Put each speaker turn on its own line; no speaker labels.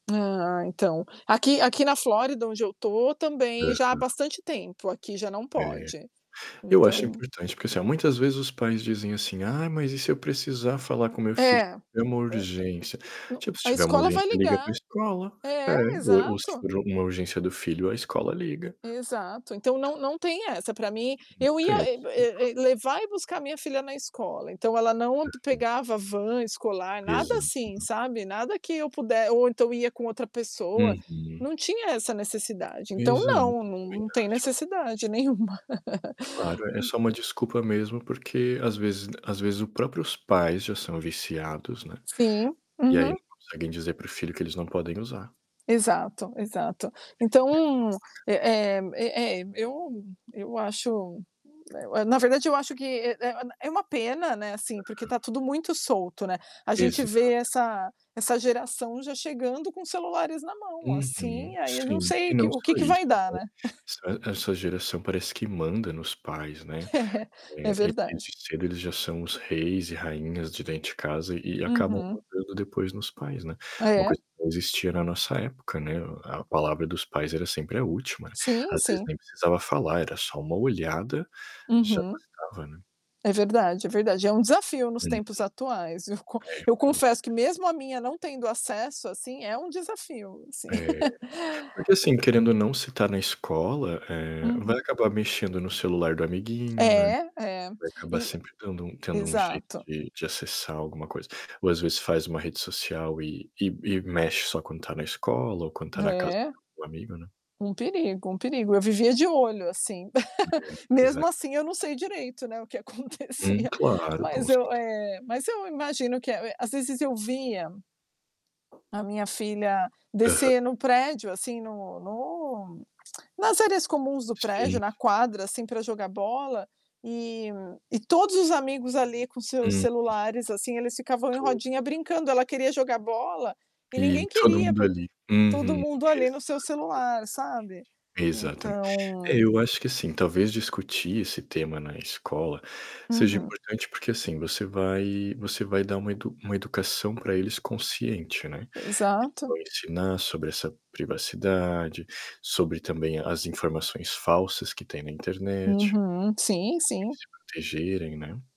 Ah, então. Aqui aqui na Flórida, onde eu tô, também já há
Uhum.
bastante tempo, aqui já não
É,
pode.
eu acho
Então
importante, porque, assim, ó, muitas vezes os pais dizem assim: "Ai, mas e se eu precisar falar com meu filho,
É,
é uma
eh,
urgência".
n
Tipo, se
a
tiver uma
escola vai
urgência liga para
ligar.
escola. É,
É,
o o se
exato.
for uma urgência do filho a escola liga.
Exato, então não não tem essa pra mim,
Não
eu ia
tem a
eh
desculpa.
eh eh levar e buscar minha filha na escola, então ela não pe
Uhum.
pegava van escolar, nada assim,
Exato.
sabe. Nada que eu puder ou então ia com outra pessoa,
Uhum.
não tinha essa necessidade, então
Exato, também
não,
acho,
não
também
não tem
acho.
necessidade nenhuma.
Claro, é só uma desculpa mesmo, porque, às vezes às vezes o próprios pais já são viciados, né,
Sim,
e aí
uhum.
não conseguem dizer para o filho que eles não podem usar.
Exato, exato. Então, eh eh eh eh, eu eu acho, eh, eu na verdade eu acho que, eh eh, é uma pena, né, assim, porque
Aham.
tá tudo muito solto, né. A gente
Exato, exato.
vê essa essa geração já chegando com celulares na mão,
Uhum,
assim, aí eu não
sim. E
sei
não
que o
só
que que
isso,
vai dar,
né.
né?
Essa essa geração parece que manda nos pais, né.
É, é
Eh, eles, desde
verdade.
cedo, eles já são os reis e rainhas de dentro de casa e e acabam
Uhum.
mandando depois nos pais, né.
Ah,
Uma
é?
coisa que não existia na nossa época, né. A palavra dos pais era sempre a última, né.
Sim,
Às vezes
sim.
nem precisava falar, era só uma olhada, já
Uhum.
bastava, né.
É verdade, é verdade. É um desafio nos
Uhum.
tempos atuais, eu con
É.
eu confesso que
[unintelligible]
mesmo a minha não tendo acesso, assim, é um desafio, sim.
É, porque, assim, querendo ou não se tá na escola, eh, vai
Uhum.
acabar mexendo no celular do amiguinho, né,
É, é.
vai acabar
E
sempre dando um tendo um jeito
Exato.
de de acessar alguma coisa. Ou, às vezes, faz uma rede social e e e mexe só quando tá na escola ou quando tá na casa
É.
do amigo, né.
Um perigo, um perigo, eu vivia de olho, assim.
É, pois
Mesmo
é.
assim eu não sei direito, né, o que
Hum,
acontecia,
claro, com
mas eu
certe
É, mas eu imagino que, eh eh, às vezes eu via a minha filha
Aham.
descer no prédio, assim, no no nas áreas comuns do
Sim,
prédio, na
sim.
quadra, assim, pra jogar bola, e e todos os amigos ali com seus
Uhum.
celulares, assim, eles ficavam em
Todos,
rodinha
né.
brincando, ela queria jogar bola, e
E
ninguém
todo
queria
mundo
por
ali.
todo
Uhum,
mundo ali
exato,
no seu
exatamente.
celular, sabe.
Exatamente. É,
Então.
eu acho que, assim, talvez discutir esse tema na escola seja
Uhum.
importante, porque, assim, você vai você vai dar uma uma educação pra eles consciente, né. Eles
Exato.
vão ensinar sobre essa privacidade, sobre também as informações falsas que tem na internet, como
Uhum. Sim,
eles
sim.
se protegerem, né.